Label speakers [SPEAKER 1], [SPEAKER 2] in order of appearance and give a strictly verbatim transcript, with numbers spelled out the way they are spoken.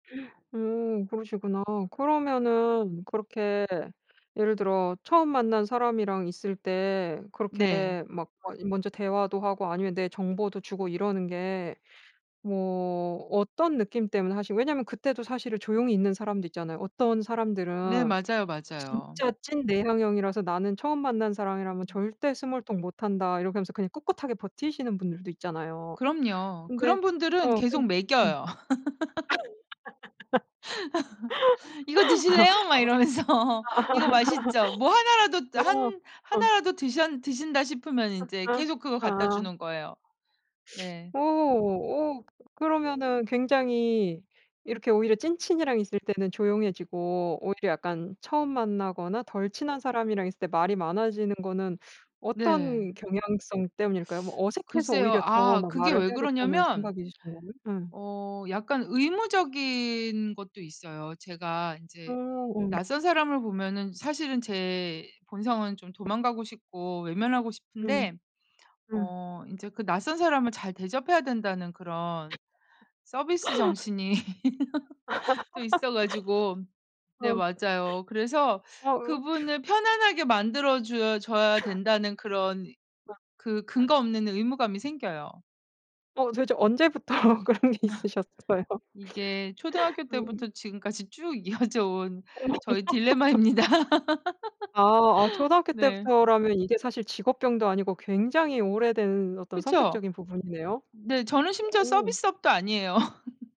[SPEAKER 1] 음 그러시구나. 그러면은 그렇게 예를 들어 처음 만난 사람이랑 있을 때
[SPEAKER 2] 네.
[SPEAKER 1] 그렇게 막 막 먼저 대화도 하고 아니면 내 정보도 주고 이러는 게 뭐 어떤 느낌 때문에 하시고 왜냐면 그때도 사실은 조용히 있는 사람도 있잖아요. 어떤
[SPEAKER 2] 네.
[SPEAKER 1] 사람들은
[SPEAKER 2] 맞아요, 맞아요.
[SPEAKER 1] 진짜 찐 내향형이라서 "나는 처음 만난 사람이라면
[SPEAKER 2] 음.
[SPEAKER 1] 절대 스몰토크 못 한다." 이렇게 하면서 그냥 꿋꿋하게 버티시는 분들도 있잖아요.
[SPEAKER 2] 그럼요.
[SPEAKER 1] 근데
[SPEAKER 2] 그런 분들은
[SPEAKER 1] 어
[SPEAKER 2] 계속
[SPEAKER 1] 근 음.
[SPEAKER 2] 멕여요. "이거 드실래요?" 막
[SPEAKER 1] 아.
[SPEAKER 2] 이러면서 "이거 맛있죠." 뭐 하나라도 또 한
[SPEAKER 1] 어.
[SPEAKER 2] 하나라도 드션 드신다 싶으면
[SPEAKER 1] 아
[SPEAKER 2] 인제
[SPEAKER 1] 아
[SPEAKER 2] 계속 그거 갖다
[SPEAKER 1] 아.
[SPEAKER 2] 주는 거예요. 네.
[SPEAKER 1] 오
[SPEAKER 2] 음.
[SPEAKER 1] 오 그러면은 굉장히 이렇게 오히려 찐친이랑 있을 때는 조용해지고 오히려 약간 처음 만나거나 덜 친한 사람이랑 있을 때 말이 많아지는 거는
[SPEAKER 2] 네.
[SPEAKER 1] 어떤 경향성 때문일까요? 뭐 어색해서
[SPEAKER 2] 글쎄요.
[SPEAKER 1] 오히려 더
[SPEAKER 2] 아
[SPEAKER 1] 막
[SPEAKER 2] 그게
[SPEAKER 1] 말을
[SPEAKER 2] 왜
[SPEAKER 1] 해야겠다는
[SPEAKER 2] 그러냐면
[SPEAKER 1] 생각이신 거면 음.
[SPEAKER 2] 어 약간 의무적인 것도 있어요. 제가
[SPEAKER 1] 오
[SPEAKER 2] 인제
[SPEAKER 1] 음.
[SPEAKER 2] 낯선 사람을 보면은 사실은 제 본성은 좀 도망가고 싶고 외면하고
[SPEAKER 1] 음.
[SPEAKER 2] 싶은데
[SPEAKER 1] 음.
[SPEAKER 2] 어 인제 그 낯선 사람을 잘 대접해야 된다는 그런 서비스 정신이 또 있어 가지고 네
[SPEAKER 1] 어
[SPEAKER 2] 맞아요. 그래서
[SPEAKER 1] 어우
[SPEAKER 2] 그분을 편안하게 만들어 줘 줘야 된다는 그런 그 근거 없는 의무감이 생겨요.
[SPEAKER 1] 어 도대체 언제부터 그런 게 있으셨어요?
[SPEAKER 2] 이게 초등학교 때부터
[SPEAKER 1] 음.
[SPEAKER 2] 지금까지 쭉 이어져 온
[SPEAKER 1] 어머.
[SPEAKER 2] 저의 딜레마입니다.
[SPEAKER 1] 아 아 초등학교
[SPEAKER 2] 네.
[SPEAKER 1] 때부터라면 이게 사실 직업병도 아니고 굉장히 오래된 어떤
[SPEAKER 2] 그쵸.
[SPEAKER 1] 성격적인 부분이네요.
[SPEAKER 2] 네 저는 심지어
[SPEAKER 1] 음.
[SPEAKER 2] 서비스업도 아니에요.